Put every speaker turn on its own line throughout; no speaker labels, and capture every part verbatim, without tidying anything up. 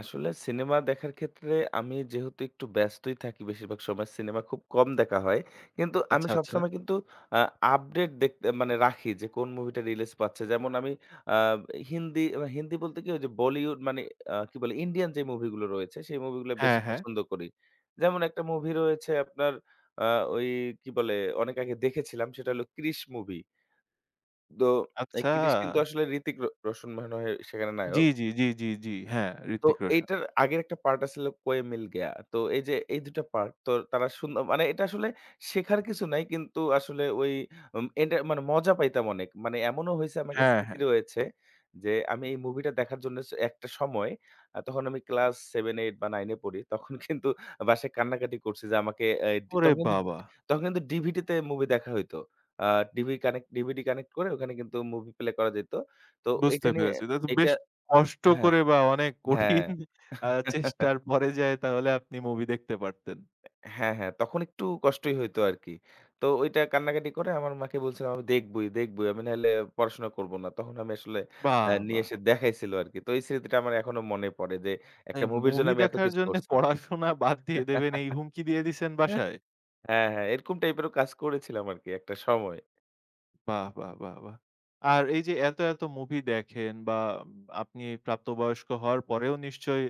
আসলে সিনেমা দেখার ক্ষেত্রে আমি যেহেতু একটু ব্যস্তই থাকি বেশিরভাগ সময়, সিনেমা খুব কম দেখা হয়। কিন্তু আমি
আচ্ছা, আচ্ছা।
সবসময় কিন্তু অ্যা আপডেট দেখতে মানে রাখি যে, কোন মুভিটা রিলিজ পাচ্ছে। যেমন আমি অ্যা হিন্দি, এ হিন্দি বলতে কি? ওই যে, বলিউড মানে আ কি বলে? ইন্ডিয়ান যে, মুভিগুলো রয়েছে, সেই মুভিগুলো বেশি
হ্যাঁ, হ্যাঁ।
পছন্দ করি। যেমন একটা মুভি রয়েছে আপনার, আ ওই কি বলে? অনেক আগে দেখেছিলাম, সেটা হলো ক্রিস মুভি তো এই
আচ্ছা।
ক্রিস কিন্তু আসলে ঋত্বিক রো রোশন, মনে হয় সেখানে
জি,
নায়ক
জি, জি, জি, জি। হ্যাঁ,
তো
ঋত্বিক রোশন।
এটার আগের একটা পার্ট আছিল কই মিল গেয়া। তো এই যে, এই দুই টা পার্ট। তো তারা সুন্দর মানে, এটা আসলে শেখার কিছু নাই। কিন্তু আসলে ওই উম এনটা মানে মজা পাইতাম অনেক। মানে এমনও হয়েছে আমার একটা
হ্যাঁ,
স্মৃতি
হ্যাঁ।
রয়েছে, যে, আমি এই মুভিটা দেখার জন্য একটা সময়, আ তখন আমি ক্লাস Seven, eight বা Nine এ পড়ি। তখন কিন্তু বাসায় কান্নাকাটি করছি যে, আমাকে এ ডি
ওরে
তখন কিন্ত
বাবা!
তখন কিন্তু DVD তে মুভি দেখা হইত। আ DV কানেক্ট DVD কানেক্ট করে, ওখানে কিন্তু মুভি প্লে করা যাইত। তো
বুঝতে
এইটা নিয়ে
পেরেছি। এটা তো
এইটা
বেশ কষ্ট
হ্যাঁ।
করে বা অনেক
হ্যাঁ।
কঠিন আ চেষ্টার পরে যায় তাহলে আপনি মুভি দেখতে পারতেন।
হ্যাঁ, হ্যাঁ। তখন একটু কষ্টই হইতো আরকি। তো ঐটা কান্নাকাটি করে আমার মাকে বলছিলাম, "আমি দেখবোই, দেখবোই। আমি নাহলে পড়াশোনা করব না।" তখন আমি আসলে অ্যা
বাহ!
নিয়ে
বাহ!
এসে দেখাইছিল আরকি। তো এই স্মৃতিটা আমার এখনো মনে পড়ে যে, একটা
এই
মুভির জন্য
মুভি
আমি
দেখার
এতকিছু
জন্যে
করছি।
পড়াশোনা বাদ দিয়ে দেবেন, এই হুমকি দিয়ে দিছেন বাসায়?
হ্যাঁ, হ্যাঁ, এরকম টাইপেরও কাজ করেছিলাম আরকি একটা সময়।
বাহ! বাহ! বাহ! বাহ! আর এই যে, এত, এত মুভি দেখেন বা আপনি প্রাপ্ত বয়স্ক হওয়ার পরেও নিশ্চয়ই,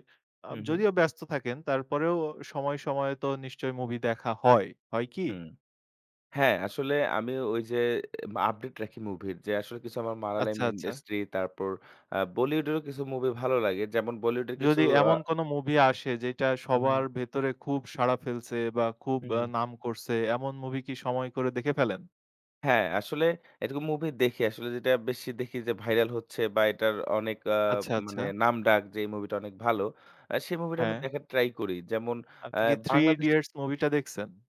আ
হু, হুম।
যদিও ব্যস্ত থাকেন, তারপরেও সময়ে, সময়ে তো নিশ্চয়ই মুভি দেখা হয়। হয় কি?
হুম। হ্যাঁ, আসলে আমি ঐ যে, আপডেট রাখি মুভির। যে, আসলে কিছু আমার মারালাইম
আচ্ছা, আচ্ছা।
ইন্ডাস্ট্রি তারপর আ বলিউডেরও কিছু মুভি ভালো লাগে। যেমন বলিউডের কিছু
যদি
আ
এমন কোন মুভি আসে, যেইটা সবার
উহুম।
ভেতরে খুব সাড়া ফেলছে বা খুব
হুম,
আ
হুম।
নাম করছে, এমন মুভি কি সময় করে দেখে ফেলেন?
হ্যাঁ, আসলে এটুকু মুভি দেখি আসলে যেটা বেশি দেখি যে, ভাইরাল হচ্ছে বা এটার অনেক আ
আচ্ছা, আচ্ছা।
মানে নামডাক যে, এই মুভিটা অনেক ভালো। আ সেই মুভিটা আমি
হ্যাঁ।
দেখার ট্রাই করি। যেমন অ্যা
আপনি কি "Three
বাংলাদেশে
Idiots" মুভিটা দেখছেন?